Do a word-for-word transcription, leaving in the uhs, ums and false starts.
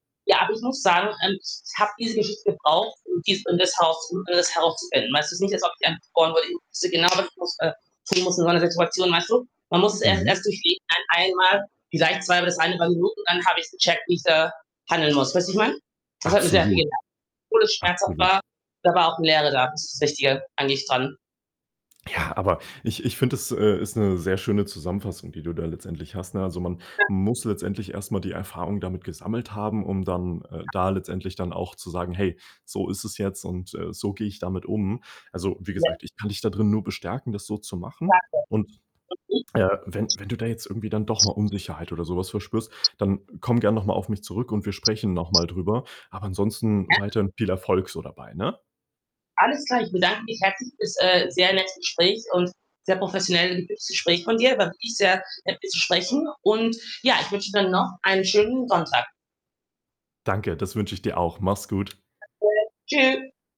Ja, aber ich muss sagen, ähm, ich habe diese Geschichte gebraucht, um dies und das Haus um das herauszufinden. Weißt du, es ist nicht als ob ich. [unintelligible] Ich wusste genau, aber ich muss äh, [unintelligible] muss in so 'ner Situation, weißt du? Man muss es erst Mhm. erst durchleben, ein einmal, vielleicht zwei bis dreieinhalb Minuten, dann habe ich's gecheckt, wie ich da handeln muss, weißt du, wie ich meine? Das hat mir sehr viel Absolut. gelehrt. Obwohl es schmerzhaft Absolut. war, da war auch 'ne Lehre da, das ist das Wichtige eigentlich dran. Ja, aber ich ich finde, das, äh, ist 'ne sehr schöne Zusammenfassung, die du da letztendlich hast, ne? Also, man [unintelligible] muss letztendlich erst mal die Erfahrung damit gesammelt haben, um dann, äh, [unintelligible] da letztendlich dann auch zu sagen: „Hey, so ist es jetzt und, äh, so gehe ich damit um.“ Also, wie [unintelligible] gesagt, ich kann dich dadrin nur bestärken, das so zu machen. Und, Danke. äh, wenn wenn du da jetzt irgendwie dann doch mal [unintelligible] Unsicherheit oder so was verspürst, dann komm gern noch mal auf mich zurück und wir sprechen noch mal drüber. Aber ansonsten [unintelligible] weiterhin viel Erfolg so dabei, ne? Alles klar, ich bedanke mich herzlich für's, äh, sehr nette Gespräch und sehr professionell und gutes Gespräch von dir. War wirklich sehr nett, mit dir zu sprechen und, ja, ich wünsche dir dann noch einen schönen Sonntag. Danke, das wünsche ich dir auch. Mach's gut. Danke, Tschü